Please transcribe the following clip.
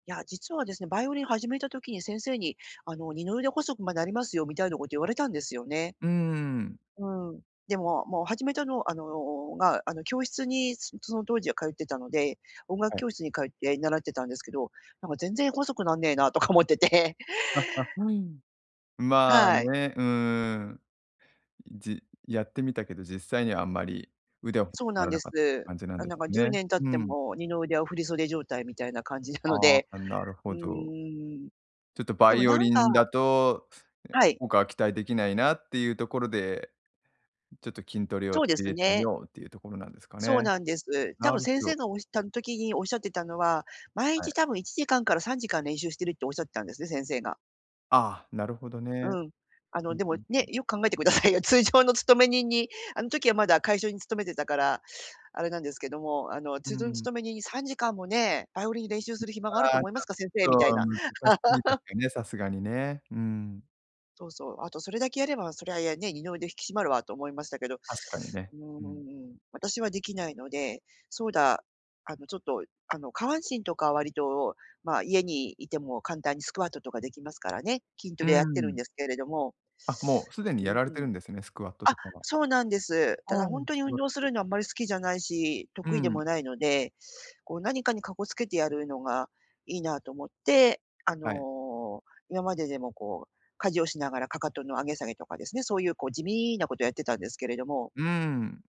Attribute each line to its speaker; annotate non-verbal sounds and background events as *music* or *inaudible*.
Speaker 1: や、実はですね、バイオリン始めた時に先生に、あの、二の腕細く、ま、なりますよみたいなこと言われたんですよね。
Speaker 2: うーん。
Speaker 1: うーん。でも、もう始めたのあの、が、あの、教室に、そその当時は通ってたので、音楽
Speaker 2: はい。
Speaker 1: 教室に通って習ってたんですけど、「なんか全然細くなんねえな」とか思ってて。
Speaker 2: ああ、うーん、まあ
Speaker 1: はい。
Speaker 2: ね、うーん。じやってみたけど、実際にはあんまり腕は細
Speaker 1: そ
Speaker 2: く
Speaker 1: うな
Speaker 2: な
Speaker 1: ん
Speaker 2: ら
Speaker 1: で
Speaker 2: なかっ
Speaker 1: す。
Speaker 2: 感じなん
Speaker 1: なん
Speaker 2: で
Speaker 1: なんか
Speaker 2: す
Speaker 1: じゅう
Speaker 2: ね。
Speaker 1: ねん経っ
Speaker 2: う
Speaker 1: て
Speaker 2: ん。
Speaker 1: も二の腕を振り袖状態みたいな感じなの
Speaker 2: ああ、
Speaker 1: で、
Speaker 2: あ、なる
Speaker 1: う
Speaker 2: ほ
Speaker 1: ー
Speaker 2: ど。
Speaker 1: ん。
Speaker 2: ちょっと
Speaker 1: で
Speaker 2: バ
Speaker 1: も
Speaker 2: イオ
Speaker 1: なん
Speaker 2: リ
Speaker 1: か
Speaker 2: ンだと、え、
Speaker 1: はい。
Speaker 2: 効果は期待できないなっていうところで、ちょっと筋トレを
Speaker 1: そうで
Speaker 2: 入
Speaker 1: す
Speaker 2: れてみ
Speaker 1: ね。
Speaker 2: ようっていうところなんですか
Speaker 1: そう
Speaker 2: ね。
Speaker 1: なんです。た
Speaker 2: な
Speaker 1: ぶん
Speaker 2: るほ
Speaker 1: 先生
Speaker 2: ど。
Speaker 1: がおし端的におっしゃってたのは、毎
Speaker 2: はい。
Speaker 1: 日多分1時間から3時間練習してるっておっしゃってたんですね、先生が。
Speaker 2: ああ、なるほどね。
Speaker 1: うん、あ
Speaker 2: う
Speaker 1: の
Speaker 2: ん
Speaker 1: で
Speaker 2: う
Speaker 1: も
Speaker 2: んう
Speaker 1: ね、
Speaker 2: ん。
Speaker 1: よく考えてくださいよ。通常の勤め人に、あの時はまだ会社に勤めてたから、あれなんですけども、あの
Speaker 2: う
Speaker 1: 通常の
Speaker 2: ん。
Speaker 1: 勤め人に3時間もね、バイオリンに練習する暇があると
Speaker 2: ああ、ち
Speaker 1: 思いますか、先生み
Speaker 2: ょっ
Speaker 1: たい
Speaker 2: と
Speaker 1: な。
Speaker 2: 難しいです
Speaker 1: *laughs*
Speaker 2: かね、さすがにね。うん。
Speaker 1: そうそう、あとそれだけやれば、そりゃ、やね、二の腕引き締まるわと思いましたけど、う
Speaker 2: 確かにね。うん。
Speaker 1: ーん、私はできないので、そうだ、あの、ちょっと、あの、下半身とか割と、まあ、家にいても簡単にスクワットとかできますからね。筋ト
Speaker 2: う
Speaker 1: レ
Speaker 2: ー
Speaker 1: やってるん
Speaker 2: ん。
Speaker 1: ですけれども。
Speaker 2: あ、もうすでに
Speaker 1: う
Speaker 2: やられて
Speaker 1: ん。
Speaker 2: るんですね、スクワット
Speaker 1: あ、
Speaker 2: とかは。
Speaker 1: そうなんです。た
Speaker 2: あ
Speaker 1: だ
Speaker 2: あ、
Speaker 1: ほんと
Speaker 2: ス
Speaker 1: に
Speaker 2: ク
Speaker 1: 運
Speaker 2: ワット
Speaker 1: 動す
Speaker 2: で
Speaker 1: るのはあんまり好きじゃないし
Speaker 2: う
Speaker 1: 得意で
Speaker 2: ん。
Speaker 1: もないので、こう何かにかこつけてやるのがいいなと思って、あ
Speaker 2: はい。
Speaker 1: の、今まででもこう家事をしながら、かかとの上げ下げとかですね、そういうこう地味なことをやってたんですけれども。
Speaker 2: うーん。